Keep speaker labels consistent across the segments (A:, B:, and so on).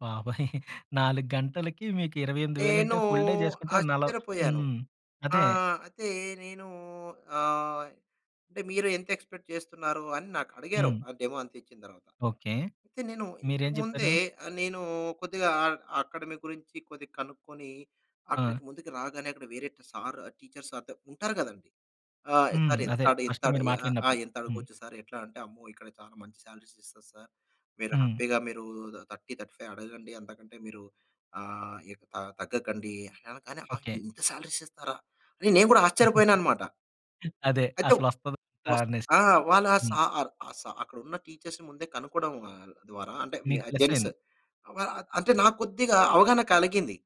A: బాబోయ్! 4 గంటలకి మీకు ఇరవై ఎనిమిది
B: నేను
A: వేలంటే ఫుల్ డే చేసుకుంటే నల
B: ఆశ్చర్యపోయాను.
A: హ్మ్. అదే.
B: ఆహ్, అయితే నేను ఆహ్, అంటే మీరు ఎంత ఎక్స్‌పెక్ట్ చేస్తున్నారు అని నాకడిగారు?
A: హ్మ్.
B: ఆ డెమోంతిచ్చిన దర్వాత.
A: ఓకే.
B: అయితే నేను
A: మీరేం
B: ఇంతకుముందే
A: చెప్పారు?
B: ఆహ్, నేను కొద్దిగా అ అకాడమీ గురించి కొద్దిగా కనుక్కొని
A: ఆ!
B: అక్కడికి ముందుకు రాగానే అక్కడ వేరే ట్ సార్ టీచర్స్ అద ఉంటారు గదండీ! "ఆ!
A: హ్మ్.
B: సార్
A: అదే
B: ఎంతడ్
A: ఫస్ట్
B: ఇంతడ్
A: మీరు
B: ఆహ్, ఆహ్,
A: మాట్లాడినప్పుడు. హ్మ్.
B: ఎంతడగవచ్చు సార్ ఎట్లా" అంటే "అమ్మో! ఇక్కడ చాలా మంచి సాలరీస్ ఇస్తారు సార్. మీరు
A: హ్మ్.
B: హ్యాపీగా మీరు ఊదుదా 30, 35 అడగండి. అంతకంటే మీరు ఆహ్, ఎక్ త తగ్గకండి" అనగానే కాని ఆ!
A: ఓకే.
B: ఇంతా సాలరీస్ ఇస్తారా? రే నేను కూడా ఆశ్చర్యపోయానన్నమాట.
A: అదే
B: అయితే
A: అసలు వస్తదో,
B: వస్త్
A: రాదనేసి?
B: ఆ! వాళ్ళ ఆ
A: హ్మ్.
B: సార్ ఆ సార్ అక్కడున్న టీచర్స్‌ని ముందే కనుక్కోవడం ఆహ్, ద్వారా అంటే మ్య
A: నీకు
B: జెంట్స్
A: ప్లసయింది.
B: ఆహ్, వ అంటే నాకు కొద్దిగా అవగాహన కలిగింది.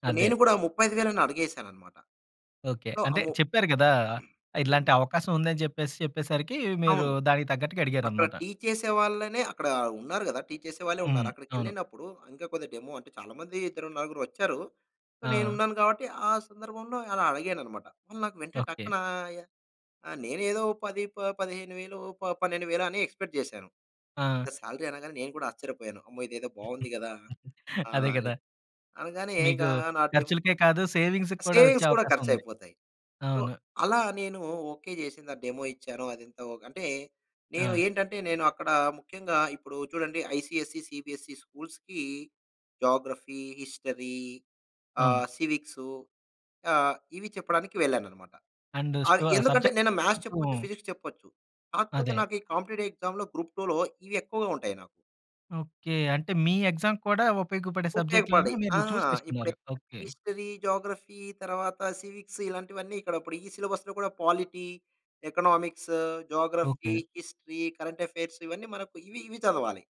B: ఇపుడు
A: అదే.
B: నేను గూడా 35,000ని అడిగేసానన్నమాట.
A: ఓకే.
B: సో, ఆ
A: అంటే
B: ము
A: చెప్పారు గదా!
B: హ్మ్.
A: ఇలాంటి అవకాశం ఉందని చెప్పేసి చెప్పేసరికి మీరు
B: అవును.
A: దానికి తగ్గట్టుగా
B: అక్కడ
A: అడిగారన్నమాట.
B: టీ చేసే వాళ్ళనే అక్కడ ఉన్నారు కదా! టీ చేసే వాళ్ళే
A: హ్మ్.
B: ఉన్నారు.
A: అవును.
B: అక్కడికేళ్ళినప్పుడు ఇంకా కొద్ది డెమో అంటే చాలా మంది ఇద్దరు నలుగురోచ్చారు. సో,
A: ఆ!
B: నేనున్నాను గాబట్టి ఆ సందర్భంలో అలా అడిగానన్నమాట. వాళ్ళు నాకు వెంటనే
A: ఓకే.
B: టక్కున ఆహ్, య ఆ! నేనేదో 10 ప 15,000 ప 12,000 అని ఎక్స్‌పెక్ట్ జేశాను.
A: ఆ!
B: ఇంత సాలరీ అనగానే నేను కూడా ఆశ్చర్యపోయాను. అమ్మో! ఇదేదో బాగుంది గదా!
A: అదే
B: ఆహ్, అని
A: గదా!
B: అనగానే ఇగ
A: మీకు
B: నా డెమో
A: ఖర్చులకే కాదు సేవింగ్స్‌కి కూడా వచ్చే
B: సేవింగ్స్ కూడా
A: అవకాశం ఉంది.
B: ఖర్చుయిపోతాయి. సో,
A: అవును.
B: అలా నేను ఓకే, జేసింద డెమో ఇచ్చాను. అదంత ఓకే అంటే నేను
A: ఆ!
B: ఏంటంటే నేను అక్కడ ముఖ్యంగా ఇప్పుడు చూడండి ఐసీఎస్సీ, సీబీఎస్సీ స్కూల్స్‌కి జాగ్రఫీ, హిస్టరీ
A: అవును.
B: ఆహ్, సివిక్సు ఆహ్, ఇవి చెప్పడానికి వెళ్ళానన్నమాట.
A: అండ్
B: అది
A: స్టో
B: ఎందుకంటే
A: సబ్జెక్ట్
B: నేన
A: కూడా
B: మ్యాథ్స్
A: కొంచెం
B: చెప్పొచ్చు ఫిజిక్స్ చెప్పొచ్చు. కాకపోతే
A: అదే.
B: నాకి కాంపిటీటివ్ ఎక్సామ్‌లో గ్రూప్ టూలో ఇవి ఎక్కువగా ఉంటాయి నాకు.
A: ఓకే. అంటే మీ ఎక్సామ్ కూడా ఉపయోగపడే సబ్జెక్ట్‌లని
B: ఉపయోగపడ్డాయి. ఆ!
A: మీరు చూజ్ చేసుకున్నారు.
B: ఇప్పుడెప్పుడైతే
A: ఓకే.
B: హిస్టరీ, జాగ్రఫీ తర్వాత సివిక్స్ ఇలాంటివన్నీ ఇక్కడ ఇప్పుడు ఈ సిలబస్‌లో కూడా polity, economics geography,
A: okay.
B: History, current affairs ఇవన్నీ మనకు ఇవి, ఇవి చదవాలి.